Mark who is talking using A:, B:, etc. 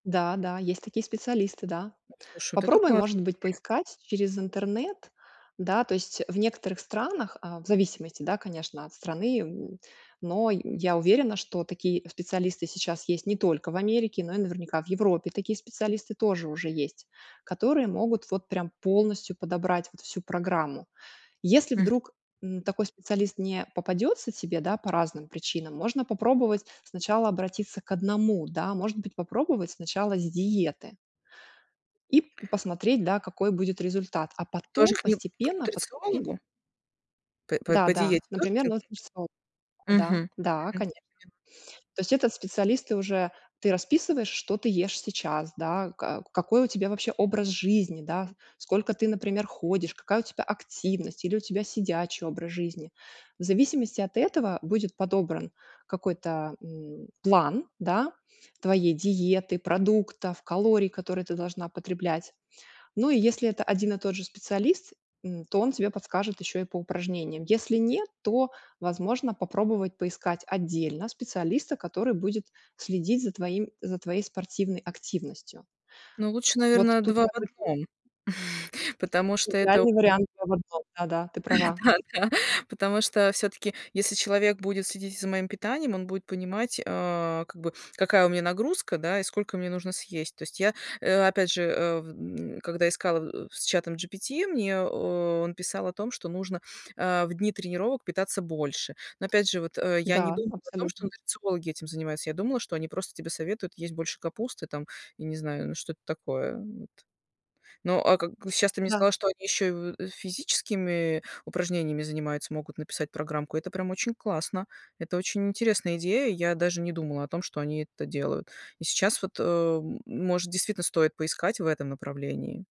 A: Да-да, есть такие специалисты, да.
B: Ну, слушай, вот это
A: Попробуй,
B: классная
A: может быть,
B: [unintelligible]
A: поискать через интернет, да. То есть- в некоторых странах, а, в зависимости, да, конечно, от страны. Но й я уверена, что такие специалисты сейчас есть не только в Америке, но и наверняка в Европе такие специалисты тоже уже есть, которые могут вот прям полностью подобрать вот всю программу. Если
B: Мгм.
A: вдруг, м, такой специалист не попадется тебе, да, по разным причинам, можно попробовать сначала обратиться к одному, да. Может быть, попробовать сначала с диеты и посмотреть, да, какой будет результат, а
B: Тоже
A: потом
B: к ним, к
A: постепенно подключить
B: нутрициологу? П п по
A: Да-да,
B: диете
A: например,
B: тоже
A: нутрициолог.
B: [unintelligible]
A: Да,
B: Мгм
A: да,
B: мгм
A: конечно. То есть этот специалист, ты уже Ты расписываешь, что ты ешь сейчас, да. Ка какой у тебя вообще образ жизни, да. Сколько ты, например, ходишь, какая у тебя активность, или у тебя сидячий образ жизни. В зависимости от этого будет подобран какой-то, м, план, да, твоей диеты, продуктов, калорий, которые ты должна потреблять. Ну, и если это один и тот же специалист, м, то он тебе подскажет еще и по упражнениям. Если нет, то возможно попробовать поискать отдельно специалиста, который будет следить за твоим за твоей спортивной активностью.
B: Ну, лучше,
A: Вот
B: наверно,
A: тут
B: два в
A: как бы 2
B: одном. Потому что это
A: идеальный вариант 2 в 1. Да-да, ты права.
B: Да-да-да. Потому что, всё-таки, если человек будет следить и за моим питанием, он будет понимать, а, как бы, какая у меня нагрузка, да, и сколько мне нужно съесть. То есть я, э, опять же, а, в м когда искала, э, с чатом GPT, мне о он писал о том, что нужно, а, в дни тренировок питаться больше. Но опять же, вот, а, я не
A: Да,
B: думала о том, что
A: абсолютно.
B: нутрициологи этим занимаются. Я думала, что они просто тебе советуют есть больше капусты там, я не знаю, ну, что-то такое. Вот. Ну, а как Щас ты мне
A: Да.
B: сказала, что они еще в физическими упражнениями занимаются, могут написать программку. Это прям очень классно. Это очень интересная идея. Я даже не думала о том, что они это делают. И сейчас вот, а, может действительно стоит поискать в этом направлении.